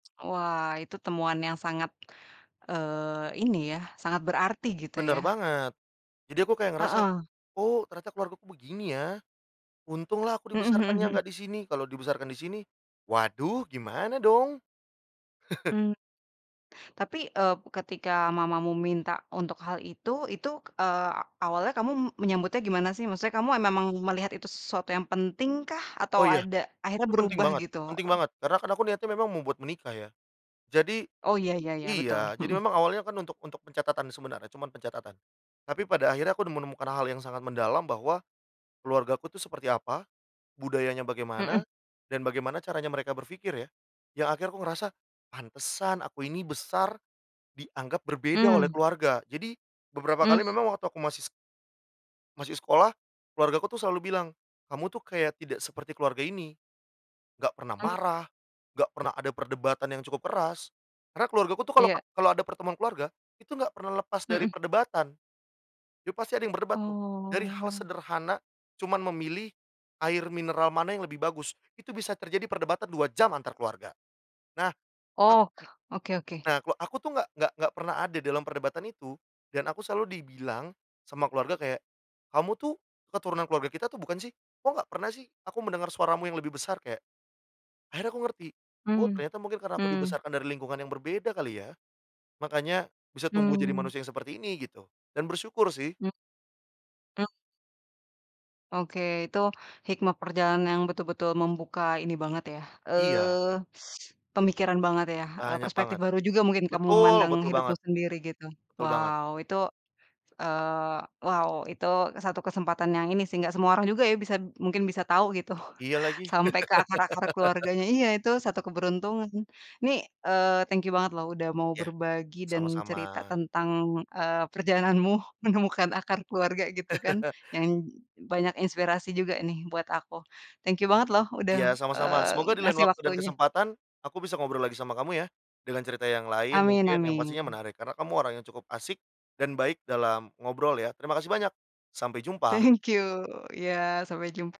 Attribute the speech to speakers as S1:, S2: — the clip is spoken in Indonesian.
S1: Wah, itu temuan yang sangat, eee, ini ya, sangat berarti gitu ya.
S2: Benar banget, jadi aku kayak ngerasa,
S1: Heeh.
S2: "Oh, ternyata keluargaku begini ya, untunglah aku
S1: Mhm,
S2: dibesarkannya
S1: hmm, hmm.
S2: nggak di sini. Kalau dibesarkan di sini, waduh gimana dong?"
S1: Mmm. Tapi, eee, ketika mamamu minta untuk hal itu, itu, eee, awalnya kamu menyambutnya gimana sih? Maksudnya kamu memang melihat itu sesuatu yang pentingkah atau
S2: Oh ya,
S1: ada akhirnya
S2: itu penting
S1: berubah
S2: banget,
S1: gitu?
S2: penting
S1: Eh.
S2: banget. Karena kan aku niatnya memang membuat menikah ya. Jadi
S1: Oh, ya, ya, ya, betul.
S2: iya, jadi
S1: Mhm.
S2: memang awalnya kan untuk untuk pencatatan, sebenarnya cuman pencatatan. Tapi pada akhirnya aku menemukan hal yang sangat mendalam bahwa keluargaku tuh seperti apa, budayanya bagaimana,
S1: Mhm.
S2: dan bagaimana caranya mereka berpikir ya. Yang akhirnya aku ngerasa, "Pantesan aku ini besar dianggap berbeda oleh
S1: Hmm.
S2: keluarga." Jadi, beberapa kali
S1: Mmm.
S2: memang waktu aku masih masih sekolah keluargaku tuh selalu bilang, "Kamu tuh kayak tidak seperti keluarga ini, enggak pernah
S1: Hmm.
S2: marah, enggak pernah ada perdebatan yang cukup keras." Karena keluargaku tuh kalau
S1: Iya.
S2: kalau ada pertemuan keluarga, itu enggak pernah lepas dari
S1: Mhm.
S2: perdebatan. Jadi pasti ada yang berdebat tuh. Dari hal
S1: Oh.
S2: sederhana, cuma memilih air mineral mana yang lebih bagus, itu bisa terjadi perdebatan 2 jam antar keluarga. Nah, [unintelligible]
S1: Oh, oke, oke.
S2: nah ku aku tuh nggak nggak nggak pernah ada dalam perdebatan itu, dan aku selalu dibilang sama keluarga kayak, "Kamu tuh keturunan keluarga kita atau bukan sih? Kok nggak pernah sih aku mendengar suaramu yang lebih besar?" Kayak, akhirnya aku ngerti. Oh,
S1: Mmm,
S2: ternyata mungkin karena aku
S1: mmm.
S2: dibesarkan dari lingkungan yang berbeda kali ya, makanya bisa tumbuh jadi
S1: Mmm.
S2: manusia yang seperti ini gitu, dan bersyukur sih.
S1: Mmm. Mmm. Oke, itu hikmah perjalanan yang betul-betul membuka ini banget ya,
S2: Iya.
S1: eee, pemikiran banget ya. Eee,
S2: Banyak
S1: perspektif
S2: banget.
S1: baru juga mungkin kamu
S2: Betul,
S1: memandang
S2: betul
S1: hidupmu
S2: banget.
S1: sendiri gitu.
S2: Betul banget.
S1: Wow, itu eee, wow, itu satu kesempatan yang ini sih gak semua orang juga ya bisa b mungkin bisa tahu gitu
S2: Iya lagi.
S1: sampai ke akar-akar keluarganya. Iya, itu satu keberuntungan. Ini, eee, thank you banget loh udah mau
S2: Iya.
S1: berbagi dan
S2: Sama-sama.
S1: cerita tentang, eee, perjalananmu menemukan akar keluarga gitu kan. Yang banyak inspirasi juga nih buat aku. Thank you banget loh udah,
S2: Iya, sama-sama.
S1: eee,
S2: Semoga di lain
S1: ngasih
S2: waktu dan
S1: waktunya!
S2: kesempatan aku bisa ngobrol lagi sama kamu ya. Dengan cerita yang lain
S1: Amin
S2: mungkin yang pastinya
S1: amin.
S2: menarik karena kamu orang yang cukup asik dan baik dalam ngobrol ya. Terima kasih banyak. Sampai jumpa.
S1: Thank you, iya sampai jum